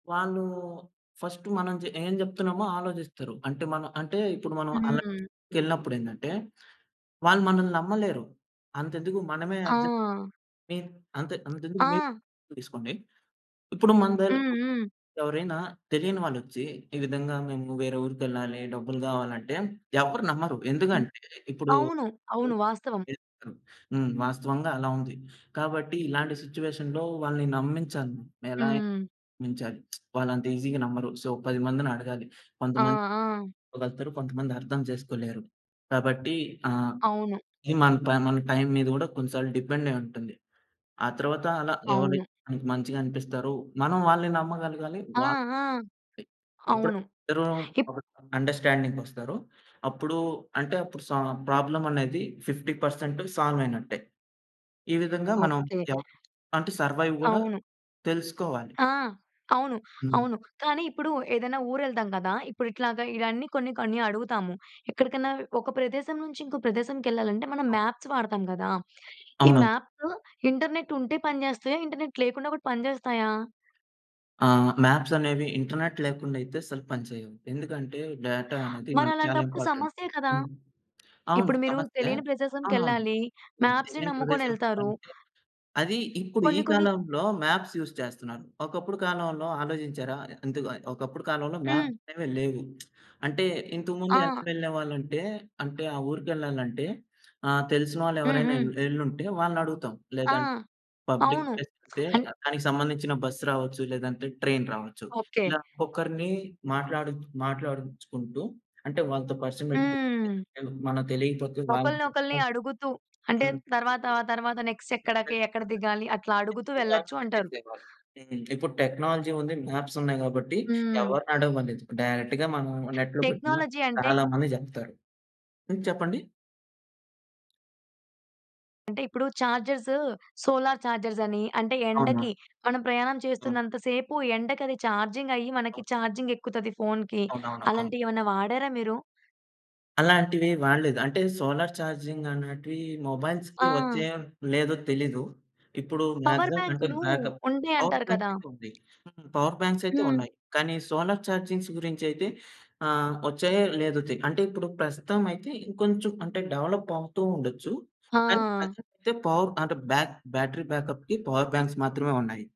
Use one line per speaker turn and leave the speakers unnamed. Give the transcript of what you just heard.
వాళ్ళు ఫస్ట్ మనం చె ఏం జెప్తున్నామో ఆలోచిస్తారు. అంటే మనం అంటే ఇప్పుడు మనం అలాంటి
హ్మ్.
చోటుకెళ్ళినప్పుడేందంటే, వాళ్ళు మనల్ని నమ్మలేరు. అంతెందుకు, మనమే ఆజ్
ఆ!
ని అంతే అంతెందుకు
ఆ!
మీరు తీసుకోండి. ఇప్పుడు మన దగ్గర
హుహు.
ఎవరైనా తెలియని వాళ్ళొచ్చి, ఈ విధంగా మేము వేరే ఊరికెళ్ళాలి. డబ్బులు గావాలి అంటే ఎవరు నమ్మరు.
హ్మ్.
ఎందుకంటే ఇప్పుడు
అవును. అవును. వాస్తవం.
చేస్తారు, హ్మ్. వాస్తవంగా అలా ఉంది. కాబట్టి ఇలాంటి సిట్యుయేషన్‌లో వాళ్ళని నమ్మించాలి. ఎలా అయినా
హ్మ్.
నమ్మించాలి. వాళ్ళంత ఈజీగా నమ్మరు. సో, 10 మందిని అడగాలి.
ఆ!
కొంతమంది
ఆ!
అర్దం చేసుకోగలుగుతారు. కొంతమంది అర్థం చేసుకోలేరు. కాబట్టి ఆ!
అవును.
ఇ మన, మన టైం మీద కూడా కొన్ని సార్లు డిపెండ్ అయుంటుంది. ఆ తరువాత అలా
అవును.
ఎవరైతే మంచిగా అనిపిస్తారో, మనం వాళ్ళని నమ్మగలగాలి.
ఆ!
వాళ్ళు
ఆ! అవును.
ఎప్పుడైతే ఇద్దరు
ఇప్
ఒక అండర్స్టాండింగ్‌కొస్తారో అప్పుడు అంటే అప్పుడు ప్రాబ్లమ్ అనేది 50% సాల్వ్ అయినట్టే. ఈ విధంగా మనం
ఓకే.
ఎవ్ అంటే సర్వైవ్ కూడా
అవును.
తెలుసుకోవాలి.
ఆ! అవును.
హ్మ్.
అవును. కానీ ఇప్పుడు ఏదైనా ఊరెళ్తాం కదా! ఇప్పుడు ఇట్లాగ ఇయన్నీ కొన్ని, కొన్ని అడుగుతాము. ఎక్కడికన్నా ఒక ప్రదేశం నుంచి ఇంకో ప్రదేశంకెళ్ళాలంటే, మనం
అవ్
మాప్స్ వాడతాం కదా! ఈ
అవును.
మాప్సు ఇంటర్నెట్ ఉంటే పని జేస్తాయా? ఇంటర్నెట్ లేకుండా కూడా పనిజేస్తాయా?
ఆ! మ్యాప్స్ అనేవి ఇంటర్నెట్ లేకుండా అయితే అసలు పని చేయవు. ఎందుకంటే, డేటా అనేది మనకి చాలా
మరలాంటప్పుడు
ఇంపార్టెంట్.
సమస్యే కదా!
హ్మ్. అవును.
ఇప్పుడు మీరు
సమస్యే.
తెలియని
అవునవును.
ప్రదేశానికెళ్ళాలి,
హ్మ్.
మాప్స్‌ని
తెలియని ప్రదేశానికి
నమ్ముకొనెళ్తారు.
వెళ్ళాలంటే, అది ఇప్పుడు ఈ
కొన్ని, కొన్ని
కాలంలో మ్యాప్స్ యూజ్ చేస్తున్నారు. ఒకప్పుడు కాలంలో ఆలోచించారా? ఎందుకు, ఒకప్పుడు కాలంలో
హ్మ్.
మ్యాప్స్ అనేవే లేవు. అంటే ఇంతకుముందు ఎలా
ఆ!
వెళ్ళేవాళ్ళంటే, అంటే ఆ ఊరికెళ్లాలంటే ఆహ్, తెలిసిన వాళ్ళెవరైనా ఎల్
హుహు.
ఎళ్లుంటే వాళ్ళని అడుగుతాం.
ఆ!
లేదంటే, పబ్లిక్
అవును.
ప్లేస్ అంటే
అన్
దానికి సంబంధించిన బస్ రావచ్చు, లేదంటే ట్రైన్ రావొచ్చు.
ఓకే.
ఇలా ఒక్కొక్కరిని మాట్లాడిం మాట్లాడించుకుంటూ అంటే వాళ్ళతో పరిచయం పెట్టుకొని,
హ్మ్.
మనకు తెలియకపోతే వాళ్లని
ఒకళ్ళని, ఒకళ్ళని
తీసుకుని
అడుగుతూ అంటే
హ్మ్.
తర్వాత, తర్వాత నెక్స్ట్ ఎక్కడికే?
[unintelligible]
ఎక్కడ దిగాలి? అట్లా అడుగుతూ
ఎక్కువ
వెళ్ళొచ్చు
ఆర్గ్యుమెంట్
అంటారు.
చేసేవాళ్ళు. హ్మ్. ఇప్పుడు టెక్నాలజీ ఉంది. మ్యాప్స్ ఉన్నాయి కాబట్టి
హ్మ్.
ఎవరిని అడిగే పనిలేదు. డైరెక్ట్‌గా మనం నెట్‌లో పెట్టిన
టెక్నాలజీ అంటే
చాలా మంది చెప్తారు. హ్మ్. చెప్పండి?
అంటే ఇప్పుడు చార్జర్సు, సోలార్ చార్జర్స్ అని, అంటే ఎండకి
అవును.
మనం ప్రయాణం
ఆ!
చేస్తున్నంత సేపు ఎండకది చార్జింగ్ అయ్యి
ఆ!
మనకి చార్జింగ్ ఎక్కుతది ఫోన్‌కి.
అవునవును. అవును.
అలాంటియేమైనా వాడారా మీరు?
అలాంటివి వాడలేదు. అంటే సోలార్ ఛార్జింగ్ అనేటివి మొబైల్స్‌కి
ఆ!
వచ్చాయో లేదో తెలీదు. ఇప్పుడు
పవర్
మాక్సిమం అంటే
బ్యాంక్‌లూ
బ్యాకప్. పవర్
ఉంటాయంటారు
బ్యాంక్
కదా!
అయితే ఉంది. పవర్ బ్యాంక్స్ అయితే
హ్మ్.
ఉన్నాయి. కానీ, సోలార్ ఛార్జింగ్ గురించి అయితే ఆహ్, వచ్చాయో, లేదో తె అంటే ఇప్పుడు ప్రస్తుతం అయితే ఇంకొంచెం అంటే డెవలప్ అవుతూ ఉండొచ్చు. కానీ,
ఆ!
ప్రెజెంట్ అయితే, పవర్ అంటే, బ్యాక్ బ్యాటరీ బ్యాకప్‌కి పవర్ బ్యాంక్స్ మాత్రమే ఉన్నాయి.